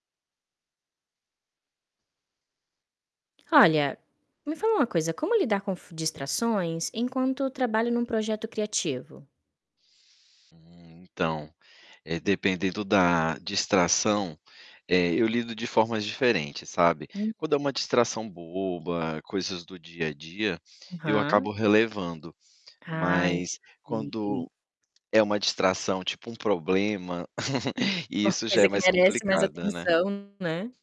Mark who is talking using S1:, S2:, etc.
S1: Olha, me fala uma coisa, como lidar com f distrações enquanto trabalho em um projeto criativo?
S2: Hum, então, dependendo da distração, eh, eu lido de formas diferentes, sabe,
S1: Uhum.
S2: quando é uma distração boba, coisas do dia a dia, eu
S1: Aham.
S2: acabo relevando.
S1: Ah,
S2: Mas
S1: entendi.
S2: quando é uma distração, tipo, um problema,
S1: Uma
S2: isso já
S1: coisa
S2: é
S1: que
S2: mais
S1: merece mais
S2: complicado, né?
S1: atenção, né?